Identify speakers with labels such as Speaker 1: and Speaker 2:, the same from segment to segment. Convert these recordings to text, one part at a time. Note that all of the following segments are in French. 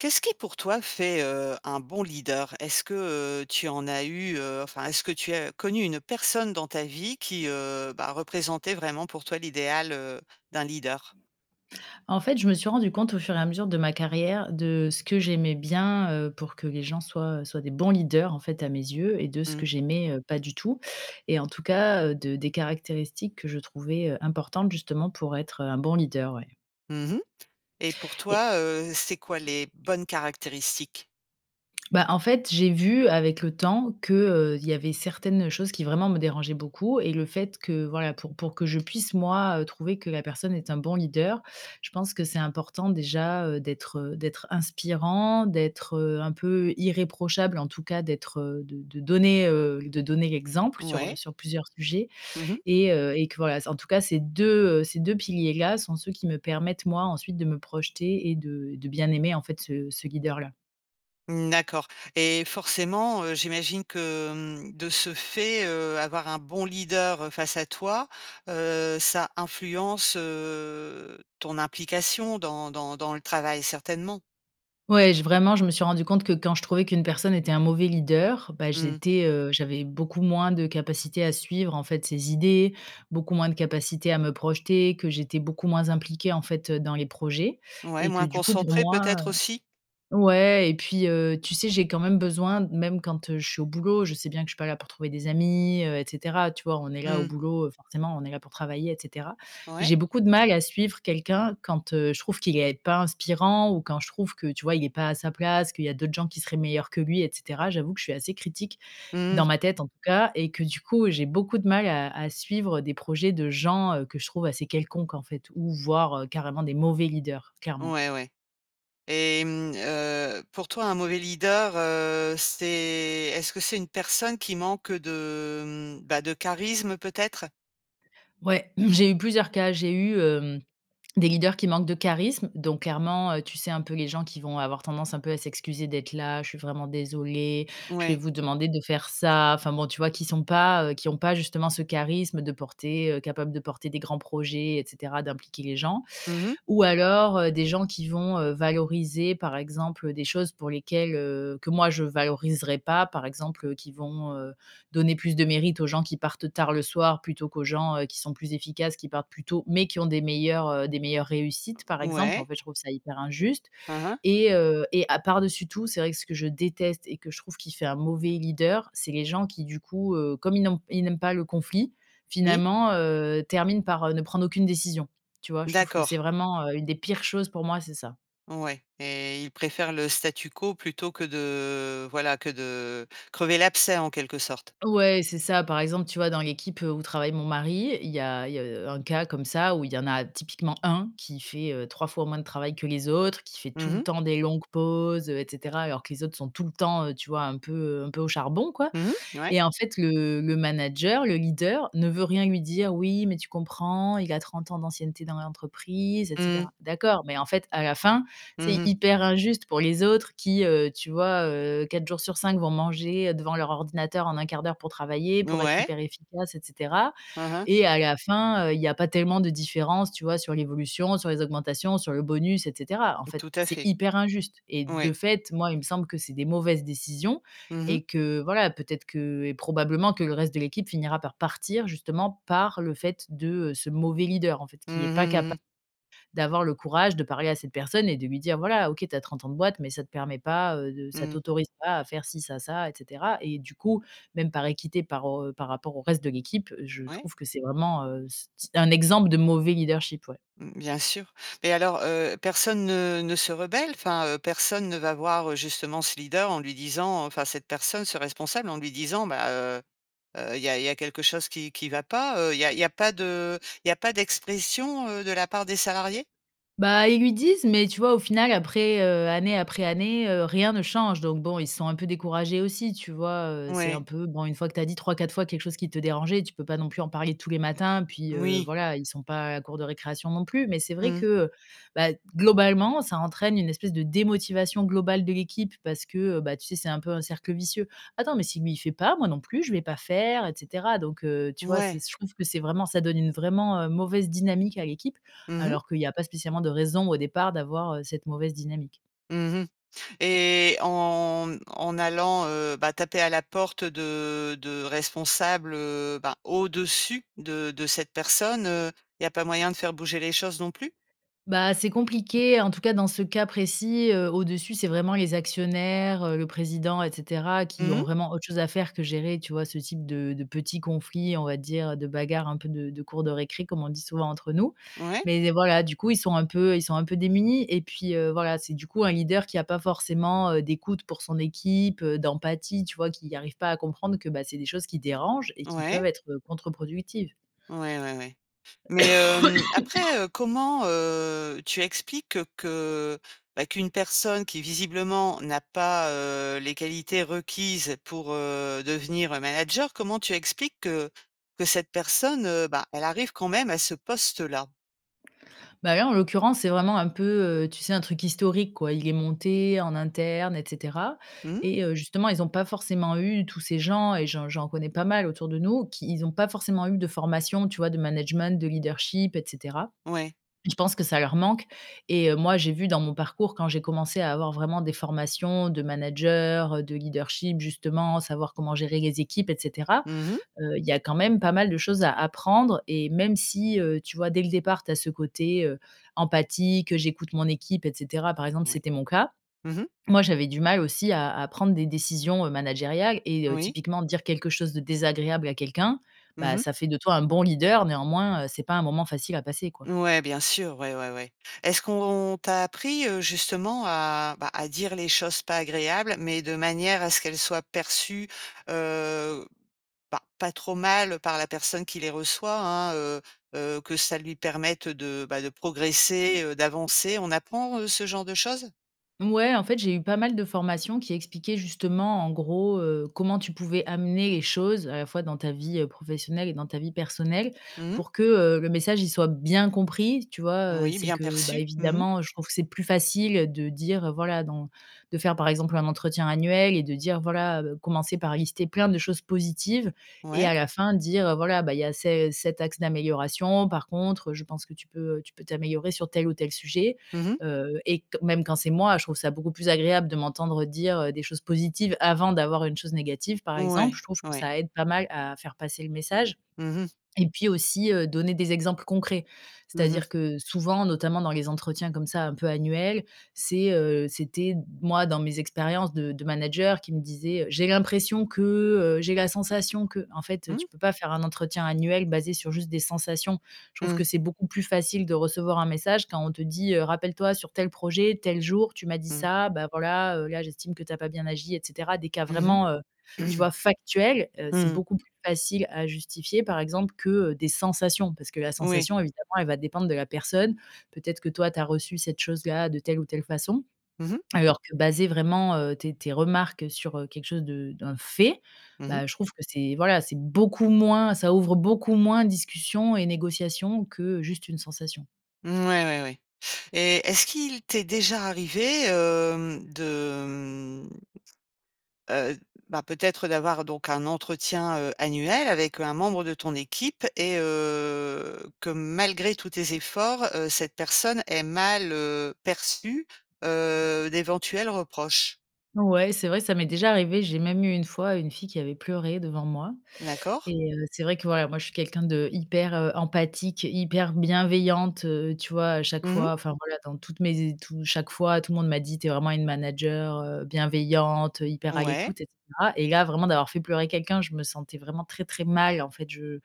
Speaker 1: Qu'est-ce qui pour toi fait, heu, un bon leader? Est-ce que, heu, tu en as eu heu, enfin est-ce que tu as connu une personne dans ta vie qui, heu, bah, représentait vraiment pour toi l'idéal, heu, d'un leader?
Speaker 2: En fait, je me suis rendu compte au fur et à mesure de ma carrière de ce que j'aimais bien, heu, pour que les gens soient, heu, soient des bons leaders en fait à mes yeux, et de ce que
Speaker 1: Mmh.
Speaker 2: j'aimais, heu, pas du tout. Et en tout cas, heu, de des caractéristiques que je trouvais, importantes justement pour être, heu, un bon leader, ouais
Speaker 1: Mmh mh. Et pour
Speaker 2: et
Speaker 1: toi, heu, c'est quoi les bonnes caractéristiques?
Speaker 2: Bah en fait, j'ai vu avec le temps qu'il y avait certaines choses qui vraiment me dérangeaient beaucoup et le fait que voilà, pour pour que je puisse moi, heu, trouver que la personne est un bon leader, je pense que c'est important déjà, heu, d'être, heu, d'être inspirant, d'être, heu, un peu irréprochable en tout cas, d'être, heu, de de donner, heu, l de donner l'exemple sur, heu,
Speaker 1: Ouais.
Speaker 2: sur plusieurs sujets.
Speaker 1: Mmh mh.
Speaker 2: Et heu et que voilà, c en tout cas ces 2 heu, ces 2 piliers-là sont ceux qui me permettent moi ensuite de me projeter et de et de bien aimer en fait ce ce guideur là.
Speaker 1: Mmh d'accord et forcément, heu, j'imagine que, mmh, de ce fait, heu, avoir un bon leader, face à toi, heu, ça influence heu ton implication dans dans dans le travail, certainement?
Speaker 2: Ouais, j vraiment je me suis rendue compte que quand je trouvais qu'une personne était un mauvais leader, bah
Speaker 1: Mmh.
Speaker 2: j'étais heu, j'avais beaucoup moins de capacités à suivre, en fait, ses idées, beaucoup moins de capacité à me projeter, que j'étais beaucoup moins impliquée, en fait, heu, dans les projets
Speaker 1: Ouais,
Speaker 2: et que
Speaker 1: moins
Speaker 2: du coup, pour
Speaker 1: concentrée,
Speaker 2: moi,
Speaker 1: peut-être,
Speaker 2: heu
Speaker 1: aussi?
Speaker 2: ouais et puis heu, tu sais, j'ai quand même besoin même quand heu, je suis au boulot, je sais bien que je suis pas là pour trouver des amis heu et cetera, tu vois, on est là au
Speaker 1: Mmh.
Speaker 2: boulot, heu, forcément, on est là pour travailler, et cetera,
Speaker 1: Ouais.
Speaker 2: j'ai beaucoup de mal à suivre quelqu'un quand heu, je trouve qu'il est pas inspirant ou quand je trouve que, tu vois, il est pas à sa place, qu'il y a d'autres gens qui seraient meilleurs que lui, et cetera. J'avoue que je suis assez critique-
Speaker 1: Mmh.
Speaker 2: dans ma tête en tout cas- et que du coup, j'ai beaucoup de mal à à suivre des projets de gens, heu, que je trouve assez quelconques, en fait, ou voire, heu, carrément des mauvais leaders, clairement.
Speaker 1: Ouais, ouais. Et, mmh heu, pour toi, un mauvais leader, heu, c'est est-ce que c'est une personne qui manque de, mmh, bah de charisme peut-être?
Speaker 2: Ouais. J'ai eu plusieurs cas. J'ai eu, hem, des leaders qui manquent de charisme, donc, clairement, heu, tu sais, un peu les gens qui vont avoir tendance un peu à s'excuser d'être là: «Je suis vraiment désolé. Je vais
Speaker 1: Ouais.
Speaker 2: vous demander de faire ça». Enfin, bon, tu vois, qui sont pas heu, qui ont pas justement ce charisme de porter, heu, capable de porter des grands projets, et cetera, d'impliquer les gens,
Speaker 1: Mmh mh.
Speaker 2: ou, alors, heu, des gens qui vont, heu, valoriser, par exemple, heu, des choses pour lesquelles, heu, que, moi, je valoriserais pas. Par exemple, heu, qui vont, heu, donner plus de mérite aux gens qui partent tard le soir plutôt qu'aux gens, heu, qui sont plus efficaces, qui partent plus tôt, mais qui ont des meilleurs, heu, des meilleures réussites, par exemple. En
Speaker 1: Ouais.
Speaker 2: fait, je trouve ça hyper injuste
Speaker 1: Hein, hein.
Speaker 2: et heu, et à par dessus tout, c'est vrai que ce que je déteste et que je trouve qui fait un mauvais leader, c'est les gens qui, du coup, heu, comme ils n'ont ils n'aiment pas le conflit,
Speaker 1: Oui.
Speaker 2: finalement, heu, terminent par, heu, ne prendre aucune décision, tu vois? Je trouve que
Speaker 1: D'accord.
Speaker 2: c'est vraiment, heu, une des pires choses pour moi, c'est ça.
Speaker 1: Ouais, et il préfère le statu quo plutôt que de, voilà, que de crever l'abcès, en quelque sorte?
Speaker 2: Ouais, c'est ça. Par exemple, tu vois, dans l'équipe où travaille mon mari, il y a il y a, heu, un cas comme ça où il y en a typiquement 1 qui fait, heu, 3 fois moins de travail que les autres, qui fait
Speaker 1: Mmh
Speaker 2: tout le
Speaker 1: mh.
Speaker 2: temps des longues pauses, heu, et cetera, alors que les autres sont tout le temps, heu, tu vois, un peu, heu, un peu au charbon, quoi,
Speaker 1: Mmh mh. Ouais.
Speaker 2: et en fait, le le manager, le leader, ne veut rien lui dire: «Oui, mais tu comprends, il a 30 ans d'ancienneté dans l'entreprise, et
Speaker 1: Mmh.
Speaker 2: cetera». D'accord, mais en fait, à la fin,
Speaker 1: Mmh
Speaker 2: c'est
Speaker 1: mh.
Speaker 2: hyper injuste pour les autres qui, heu, tu vois, heu, 4 jours sur 5 vont manger devant leur ordinateur en 1/4 d'heure, pour travailler, pour être
Speaker 1: Ouais.
Speaker 2: hyper efficace, et cetera,
Speaker 1: Hein, hein.
Speaker 2: et à la fin, heu, il y a pas tellement de différence, tu vois, sur l'évolution, sur les augmentations, sur le bonus, et cetera. En fait,
Speaker 1: Tout à
Speaker 2: c'est
Speaker 1: fait.
Speaker 2: hyper injuste et de
Speaker 1: Ouais.
Speaker 2: fait, moi, il me semble que c'est des mauvaises décisions
Speaker 1: Mmh mh.
Speaker 2: et que, voilà, peut-être que et probablement que le reste de l'équipe finira par partir justement par le fait de, heu, ce mauvais leader, en fait,
Speaker 1: Mmh
Speaker 2: qui est
Speaker 1: mh,
Speaker 2: pas
Speaker 1: mmh
Speaker 2: capa
Speaker 1: mh.
Speaker 2: d'avoir le courage de parler à cette personne et de lui dire: «Voilà, OK, tu as 30 ans de boîte, mais ça te permet pas, heu, de ça
Speaker 1: Mmh.
Speaker 2: t'autorise pas à faire ci, ça, ça et cetera» et du coup, même par équité, par au par rapport au reste de l'équipe, je
Speaker 1: Ouais.
Speaker 2: trouve que c'est vraiment, heu, s s un exemple de mauvais leadership, ouais.
Speaker 1: Mmh, bien sûr. Beh, alors, heu, personne ne ne se rebelle? Enfin, heu, personne ne va voir, justement, ce leader en lui disant, enfin cette personne, ce responsable, en lui disant: «Bah, heu, heu, il y a il y a quelque chose qui qui va pas?». Heu, il y a il y a pas de il y a pas d'expression, heu, de la part des salariés?
Speaker 2: Bah, ils lui disent mais tu vois au final après, heu, année après année, heu, rien ne change donc bon ils sont un peu découragés aussi, tu vois? Heu, c'est un
Speaker 1: Ouais.
Speaker 2: peu bon une fois que tu as dit 3-4 fois quelque chose qui te dérangeait, tu peux pas non plus en parler tous les matins, puis heu,
Speaker 1: Moui.
Speaker 2: voilà ils sont pas à la cour de récréation non plus. Mais c'est vrai
Speaker 1: Mmh.
Speaker 2: que, heu, bah, d globalement ça entraîne une espèce de démotivation globale de l'équipe parce que, heu, bah, tu sais c'est un peu un cercle vicieux: «Attends, mais si lui il fait pas moi non plus, je vais pas faire» et cetera. Donc, heu, tu vois? C'est
Speaker 1: Ouais.
Speaker 2: s je trouve que c'est vraiment ça donne une vraiment, heu, mauvaise dynamique à l'équipe,
Speaker 1: Mmh mh.
Speaker 2: alors qu'il y a pas spécialement de raison au départ d'avoir, heu, cette mauvaise dynamique.
Speaker 1: Mmh mh. Et en en allant, heu, bah, taper à la porte de de responsables, heu, bah, au-dessus de de cette personne, heu, il y a pas moyen de faire bouger les choses non plus?
Speaker 2: Bah, c'est compliqué en tout cas dans ce cas précis, heu, au-dessus c'est vraiment les actionnaires, heu, le président et cetera qui
Speaker 1: Mmh
Speaker 2: ont
Speaker 1: mh.
Speaker 2: vraiment autre chose à faire que gérer, tu vois, ce type de de petits conflits, on va dire, heu, de bagarre un peu de de cours de récré comme on dit souvent entre nous.
Speaker 1: Ouais.
Speaker 2: Mais de voilà du coup ils sont un peu ils sont un peu démunis et puis, heu, voilà c'est du coup un leader qui a pas forcément, heu, d'écoute pour son équipe, heu, d'empathie tu vois? Qui arrive pas à comprendre que, bah, c'est des choses qui dérangent et qui
Speaker 1: Ouais.
Speaker 2: peuvent être, heu, contre-productives.
Speaker 1: Ouais, ouais, ouais. Mais, hem, après, heu, comment, heu, tu expliques que, bah, qu'une personne qui visiblement n'a pas, heu, les qualités requises pour, heu, devenir manager, comment tu expliques que que cette personne, heu, bah, elle arrive quand même à ce poste-là?
Speaker 2: Bah, là en l'occurrence c'est vraiment un peu, heu, tu sais un truc historique quoi. Il est monté en interne et cetera
Speaker 1: Mmh.
Speaker 2: et heu, justement ils ont pas forcément eu, tous ces gens et j'en j'en connais pas mal autour de nous, qui ils ont pas forcément eu de formation, tu vois? De management, de leadership et cetera.
Speaker 1: Ouais.
Speaker 2: Je pense que ça leur manque et heu, moi j'ai vu dans mon parcours quand j'ai commencé à avoir vraiment des formations de manager, heu, de leadership justement, savoir comment gérer les équipes et cetera.
Speaker 1: Mmh mh.
Speaker 2: Heu, il y a quand même pas mal de choses à apprendre et même si, heu, tu vois dès le départ tu as ce côté, heu, empathie, que j'écoute mon équipe et cetera, par exemple
Speaker 1: Ouais.
Speaker 2: c'était mon cas.
Speaker 1: Mmh mh.
Speaker 2: Moi j'avais du mal aussi à à prendre des décisions, heu, managériales et heu,
Speaker 1: Oui.
Speaker 2: typiquement dire quelque chose de désagréable à quelqu'un,
Speaker 1: Mmh
Speaker 2: bah,
Speaker 1: mh.
Speaker 2: ça fait de toi un bon leader néanmoins, heu, c'est pas un moment facile à passer quoi.
Speaker 1: Ouais bien sûr, ouais, ouais, ouais. Est-ce qu'on on t'a appris, heu, justement à, bah, à dire les choses pas agréables, mais de manière à ce qu'elles soient perçues, heu, bah, pas trop mal par la personne qui les reçoit, hein, heu heu, que ça lui permette de, bah, de progresser, heu, d'avancer? On apprend, heu, ce genre de choses?
Speaker 2: Mouais, en fait, j'ai eu pas mal de formations qui expliquaient justement, en gros, heu, comment tu pouvais amener les choses à la fois dans ta vie, heu, professionnelle et dans ta vie personnelle
Speaker 1: Mmh mh.
Speaker 2: pour que, heu, le message, il soit bien compris, tu vois? Heu,
Speaker 1: Oui,
Speaker 2: c'est
Speaker 1: bien
Speaker 2: que, bah,
Speaker 1: perçu. Mmh mh.
Speaker 2: évidemment, heu, je trouve que c'est plus facile de dire: «Voilà dans» de faire, par exemple, un entretien annuel et de dire: «Voilà, heu», commencer par lister plein de choses positives. Et
Speaker 1: Ouais.
Speaker 2: à la fin dire: «Heu, voilà, bah il y a ces cet axe d'amélioration. Par contre, je pense que tu peux, heu, tu peux t'améliorer sur tel ou tel sujet».
Speaker 1: Mmh mh.
Speaker 2: Heu, et q même quand c'est moi, je trouve ça beaucoup plus agréable de m'entendre dire, heu, des choses positives avant d'avoir une chose négative, par exemple.
Speaker 1: Mouais,
Speaker 2: Je trouve que
Speaker 1: ouais.
Speaker 2: ça aide pas mal à faire passer le message.
Speaker 1: Mmh mh.
Speaker 2: Et puis, aussi, heu, donner des exemples concrets.
Speaker 1: Mmh mh.
Speaker 2: C'est-à-dire que souvent, notamment dans les entretiens comme ça, un peu annuels, c'est, heu c'était moi dans mes expériences de de manager qui me disait heu: «J'ai l'impression que, heu, j'ai la sensation que». En fait,
Speaker 1: Mmh.
Speaker 2: tu peux pas faire un entretien annuel basé sur juste des sensations. Je trouve
Speaker 1: Mmh.
Speaker 2: que c'est beaucoup plus facile de recevoir un message, quand on te dit, heu: «Rappelle-toi sur tel projet, tel jour, tu m'as dit
Speaker 1: Mmh.
Speaker 2: ça, bah, voilà, heu, là, j'estime que tu as pas bien agi», et cetera, des cas
Speaker 1: Mmh
Speaker 2: vraiment, heu,
Speaker 1: mh.
Speaker 2: tu vois, factuels. Heu,
Speaker 1: Mmh
Speaker 2: c'est
Speaker 1: mh.
Speaker 2: beaucoup plus facile à justifier, par exemple, que, heu, des sensations parce que la
Speaker 1: Oui.
Speaker 2: sensation, évidemment, elle va dépendre de la personne. Peut-être que toi, tu as reçu cette chose-là de telle ou telle façon.
Speaker 1: Mmh mh.
Speaker 2: Alors que baser vraiment, heu, tes tes remarques sur, heu, quelque chose de un fait.
Speaker 1: Mmh mh.
Speaker 2: Bah, je trouve que c'est, voilà, c'est beaucoup moins ça ouvre beaucoup moins discussions et négociations que juste une sensation.
Speaker 1: Mouais, ouais, ouais. Et est-ce qu'il t'est déjà arrivé hem, de mmh, heu, bah, peut-être d'avoir donc un entretien, heu, annuel avec, heu, un membre de ton équipe et, heu, que malgré tous tes efforts, heu, cette personne ait mal, heu, perçu, heu, d'éventuels reproches?
Speaker 2: Ouais, c'est vrai, ça m'est déjà arrivé, j'ai même eu, une fois, une fille qui avait pleuré devant moi.
Speaker 1: D'accord.
Speaker 2: Et, heu, c'est vrai que, voilà, moi je suis quelqu'un d'hyper, heu, empathique, hyper bienveillante, heu, tu vois? À chaque
Speaker 1: Mmh mh.
Speaker 2: fois, enfin, voilà, dans toutes mes é tout chaque fois, tout le monde m'a dit: «Tu es vraiment une manager, heu, bienveillante, hyper à
Speaker 1: Ouais.
Speaker 2: l'écoute» et cetera. Et, là, vraiment d'avoir fait pleurer quelqu'un, je me sentais vraiment très, très mal, en fait, je,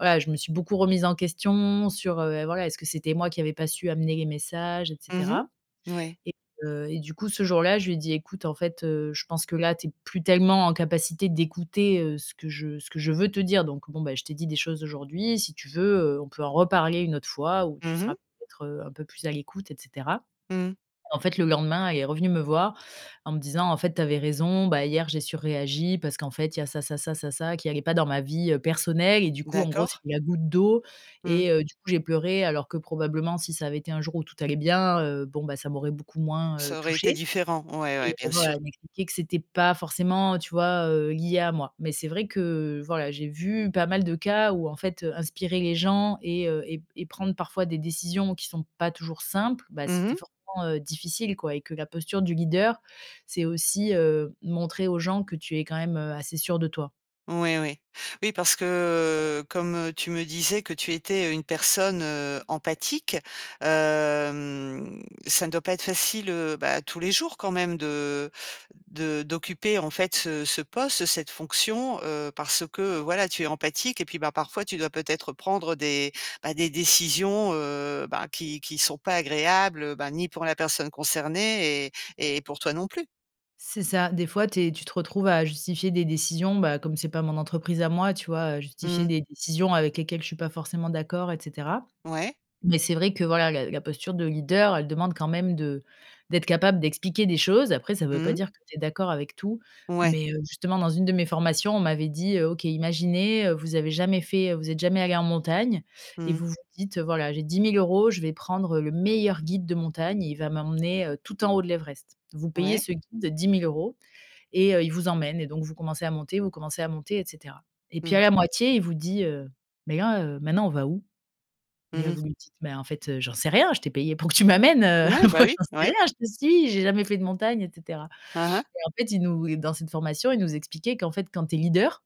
Speaker 2: voilà, je me suis beaucoup remise en question sur, heu, et voilà: «Est-ce que c'était moi qui avais pas su amener les messages» et
Speaker 1: Mmh mh,
Speaker 2: cetera?
Speaker 1: moui.
Speaker 2: Et, heu, et, du coup, ce jour-là, je lui ai dit: «Écoute, en fait, heu, je pense que là tu es plus tellement en capacité d'écouter, heu, ce que je ce que je veux te dire, donc, bon, bah, je t'ai dit des choses aujourd'hui, si tu veux, heu, on peut en reparler une autre fois où tu
Speaker 1: Mmh
Speaker 2: seras,
Speaker 1: mh.
Speaker 2: peut-être, heu, un peu plus à l'écoute» et cetera.
Speaker 1: Mmh.
Speaker 2: En fait, le lendemain elle est revenue me voir, en me disant: «En fait, tu avais raison, bah, hier, j'ai surréagi parce qu'en fait, il y a ça, ça, ça, ça, ça qui allait pas dans ma vie, heu, personnelle et, du coup, en gros,
Speaker 1: D'accord.
Speaker 2: c'était la goutte d'eau,
Speaker 1: Mmh.
Speaker 2: et heu, du coup, j'ai pleuré, alors que, probablement, si ça avait été un jour où tout allait bien, heu, bon, bah, ça m'aurait beaucoup moins, heu,
Speaker 1: Ça aurait été
Speaker 2: touchée».
Speaker 1: différent. Ouais,
Speaker 2: Et,
Speaker 1: ouais, bien
Speaker 2: voilà,
Speaker 1: sûr.
Speaker 2: elle m'expliquait que c'était pas forcément, tu vois, heu, lié à moi. Mais c'est vrai que, voilà, j'ai vu pas mal de cas où, en fait, heu, inspirer les gens et heu, et et prendre parfois des décisions qui sont pas toujours simples, bah,
Speaker 1: Mmh
Speaker 2: c'était
Speaker 1: mh.
Speaker 2: forcément, heu, difficile, quoi, et que la posture du leader, c'est aussi, heu, montrer aux gens que tu es quand même, heu, assez sûr de toi.
Speaker 1: Oui, oui. Oui parce que, comme, heu, tu me disais, que tu étais une personne, heu, empathique, hem, ça ne doit pas être facile, heu, bah, tous les jours, quand même de de d'occuper, en fait ce ce poste, cette fonction, heu, parce que, voilà, tu es empathique et puis, bah, parfois, tu dois peut-être prendre des, bah, des décisions heu, bah, qui qui sont pas agréables, bah, ni pour la personne concernée et et pour toi non plus.
Speaker 2: C'est ça, des fois tu es tu te retrouves à justifier des décisions, bah comme c'est pas mon entreprise à moi, tu vois, heu, justifier
Speaker 1: Mmh.
Speaker 2: des décisions avec lesquelles je suis pas forcément d'accord et cetera.
Speaker 1: Ouais.
Speaker 2: Mais c'est vrai que, voilà, la la posture de leader, elle demande quand même de d'être capable d'expliquer des choses, après ça veut
Speaker 1: Mmh
Speaker 2: pas
Speaker 1: mh.
Speaker 2: dire que tu es d'accord avec tout.
Speaker 1: Ouais.
Speaker 2: Mais, heu, justement, dans une de mes formations, on m'avait dit, heu: «OK, imaginez, heu, vous avez jamais fait heu, vous êtes jamais allée en montagne et
Speaker 1: Mmh.
Speaker 2: vous vous dites: "Heu, voilà j'ai 10 000 €, je vais prendre heu, le meilleur guide de montagne, et il va m'emmener, heu, tout en haut de l'Everest". Vous payez
Speaker 1: Ouais.
Speaker 2: ce guide 10 000 €, et heu, il vous emmène et donc vous commencez à monter, vous commencez à monter et cetera. Et puis,
Speaker 1: Mmh.
Speaker 2: à la moitié, il vous dit, heu: "Mais là, heu, maintenant, on va où?". Et
Speaker 1: Mmh
Speaker 2: là,
Speaker 1: mh.
Speaker 2: vous lui dites: "Mais, en fait, heu, j'en sais rien, je t'ai payé pour que tu m'amènes,
Speaker 1: O
Speaker 2: heu,
Speaker 1: ouais,
Speaker 2: moi,
Speaker 1: bah oui,
Speaker 2: j'en sais
Speaker 1: ouais.
Speaker 2: rien, je te suis, j'ai jamais fait de montagne!" et cetera».
Speaker 1: Aha.
Speaker 2: Et, en fait, il nous et dans cette formation, ils nous expliquaient qu'en fait, quand tu es leader,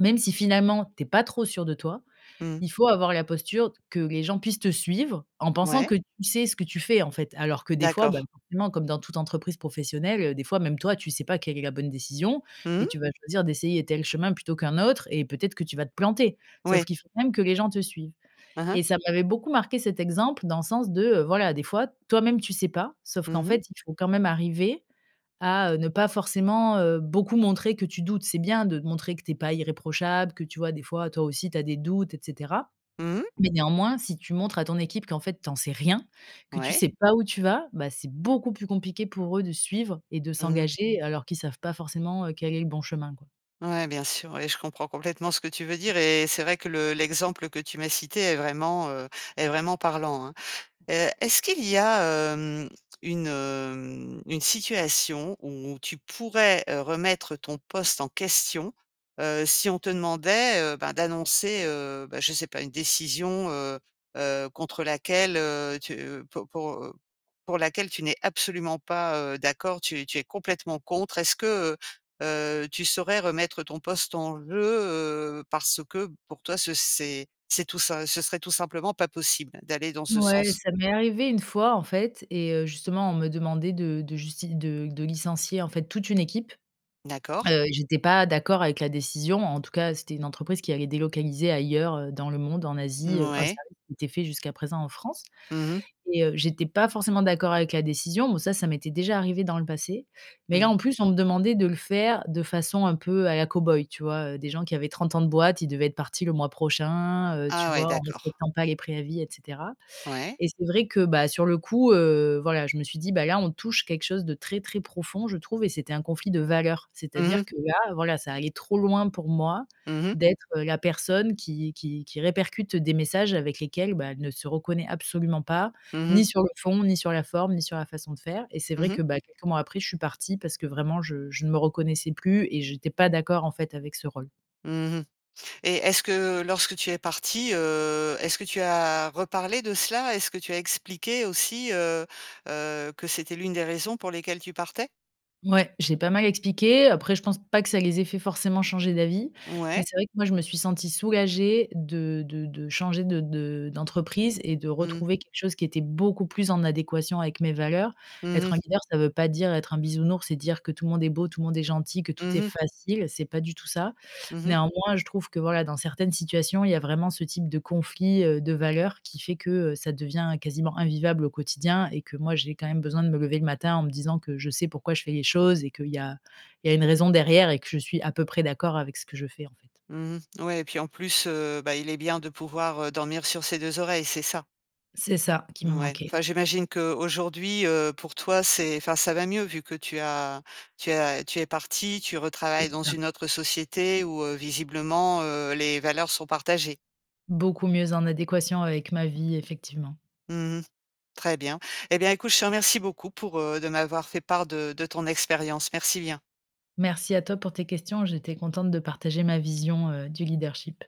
Speaker 2: même si finalement, tu es pas trop sûr de toi,
Speaker 1: Mmh.
Speaker 2: il faut avoir la posture d que les gens puissent te suivre, en pensant
Speaker 1: Mouais.
Speaker 2: que tu sais ce que tu fais, en fait. Alors, que des fois,
Speaker 1: D'accord.
Speaker 2: bah, forcément, comme dans toute entreprise professionnelle, heu, des fois, même toi, tu sais pas quelle est la bonne décision et
Speaker 1: Mmh.
Speaker 2: tu vas choisir d'essayer tel chemin plutôt qu'un autre et peut-être que tu vas te planter. Sauf
Speaker 1: Ouais.
Speaker 2: qu'il faut quand même que les gens te suivent.
Speaker 1: Hein, hein.
Speaker 2: Et ça m'avait beaucoup marquée cet exemple, dans le sens de, heu, voilà, des fois, toi-même, tu sais pas, sauf qu'en
Speaker 1: Mmh mh.
Speaker 2: fait, il faut quand même arriver à, heu, ne pas forcément, heu, beaucoup montrer que tu doutes. C'est bien de montrer que tu es pas irréprochable, que tu vois, des fois, toi aussi tu as des doutes, et cetera,
Speaker 1: Mmh mh.
Speaker 2: mais néanmoins, si tu montres à ton équipe qu'en fait, tu en sais rien, que tu
Speaker 1: Ouais.
Speaker 2: sais pas où tu vas, bah, c'est beaucoup plus compliqué pour eux de suivre et de
Speaker 1: Mmh mh.
Speaker 2: s'engager, alors qu'ils savent pas forcément, heu, quel est le bon chemin, quoi.
Speaker 1: Ouais, bien sûr, oui, je comprends complètement ce que tu veux dire et c'est vrai que le l'exemple que tu m'as cité est vraiment, heu est vraiment parlant, hein. Heu, est-ce qu'il y a, hem, une, hem, une situation où tu pourrais, heu, remettre ton poste en question, heu, si on te demandait, heu, ben, d'annoncer, heu, bah, je sais pas, une décision, heu heu, contre laquelle, heu, tu, heu, pou pour, heu, pour laquelle tu n'es absolument pas, heu, d'accord, tu es tu es complètement contre? Est-ce que, heu heu, tu saurais remettre ton poste en jeu, heu, parce que pour toi ce c'est c'est tout sim ce serait tout simplement pas possible, d'aller dans ce
Speaker 2: Ouais,
Speaker 1: sens?
Speaker 2: ça m'est arrivé une fois, en fait, et heu, justement, on me demandait de de justi de de licencier, en fait, toute une équipe.
Speaker 1: D'accord.
Speaker 2: Heu, j'étais pas d'accord avec la décision, en tout cas, c'était une entreprise qui allait délocaliser ailleurs, heu, dans le monde, en Asie, heu, un
Speaker 1: Mouais.
Speaker 2: service qui était fait jusqu'à présent en France.
Speaker 1: Mmh mh.
Speaker 2: Et, heu, j'étais pas forcément d'accord avec la décision. Bon ça, ça m'était déjà arrivé dans le passé, mais là,
Speaker 1: Mmh.
Speaker 2: en plus, on me demandait de le faire de façon, un peu, à la cow-boy, tu vois, heu des gens qui avaient 30 ans de boîte, ils devaient être partis le mois prochain, heu, tu
Speaker 1: Ah ouais,
Speaker 2: vois, en
Speaker 1: d'accord.
Speaker 2: respectant pas les préavis, et cetera.
Speaker 1: Ouais.
Speaker 2: Et c'est vrai que, bah, sur le coup, heu, voilà, je me suis dit: «Bah, là, on touche quelque chose de très, très profond, je trouve» et c'était un conflit de valeurs.
Speaker 1: Mmh mh.
Speaker 2: C'est-à-dire que là, voilà, ça allait trop loin pour moi,
Speaker 1: Mmh mh.
Speaker 2: d'être la personne qui qui qui répercute des messages avec lesquels, bah, elle ne se reconnaît absolument pas.
Speaker 1: Mmh mh.
Speaker 2: Ni sur le fond, ni sur la forme, ni sur la façon de faire. Et c'est
Speaker 1: Mmh
Speaker 2: vrai
Speaker 1: mh.
Speaker 2: que, bah, quelques mois après, je suis partie parce que vraiment je je ne me reconnaissais plus et j'étais pas d'accord, en fait, avec ce rôle.
Speaker 1: Mmh mh. Et est-ce que lorsque tu es partie, heu, est-ce que tu as reparlé de cela? Est-ce que tu as expliqué aussi, heu heu, que c'était l'une des raisons pour lesquelles tu partais?
Speaker 2: Ouais, j'ai pas mal expliqué, après je pense pas que ça les ait fait forcément changer d'avis, mais
Speaker 1: Ouais.
Speaker 2: c'est vrai que moi, je me suis sentie soulagée de de de changer de de d'entreprise et de
Speaker 1: Mmh.
Speaker 2: retrouver quelque chose qui était beaucoup plus en adéquation avec mes valeurs.
Speaker 1: Mmh
Speaker 2: Être
Speaker 1: mh.
Speaker 2: un leader, ça veut pas dire être un bisounours et dire que tout le monde est beau, tout le monde est gentil, que tout
Speaker 1: Mmh
Speaker 2: est
Speaker 1: mh.
Speaker 2: facile, c'est pas du tout ça.
Speaker 1: Mmh mh.
Speaker 2: Néanmoins, je trouve que, voilà, dans certaines situations, il y a vraiment ce type de conflit, heu, de valeurs, qui fait que, heu, ça devient quasiment invivable au quotidien et que moi, j'ai quand même besoin de me lever le matin en me disant que je sais pourquoi je fais les choses et qu'il y a il y a une raison derrière et que je suis à peu près d'accord avec ce que je fais, en fait.
Speaker 1: Mmh mh. Ouais, et puis, en plus, heu, bah, il est bien de pouvoir, heu, dormir sur ses 2 oreilles, c'est ça.
Speaker 2: C'est ça qui me
Speaker 1: Ouais,
Speaker 2: manquait.
Speaker 1: enfin, j'imagine qu'aujourd'hui, heu, pour toi, c'est enfin, ça va mieux, vu que tu as tu as tu es partie, tu
Speaker 2: C'est
Speaker 1: retravailles dans
Speaker 2: ça.
Speaker 1: une autre société où, heu, visiblement, heu, les valeurs sont partagées.
Speaker 2: Beaucoup mieux en adéquation avec ma vie, effectivement.
Speaker 1: Mmh mh. Très bien, eh bien écoute je te remercie beaucoup pour, heu de m'avoir fait part de de ton expérience. Merci bien.
Speaker 2: Merci à toi pour tes questions, j'étais contente de partager ma vision, heu, du leadership.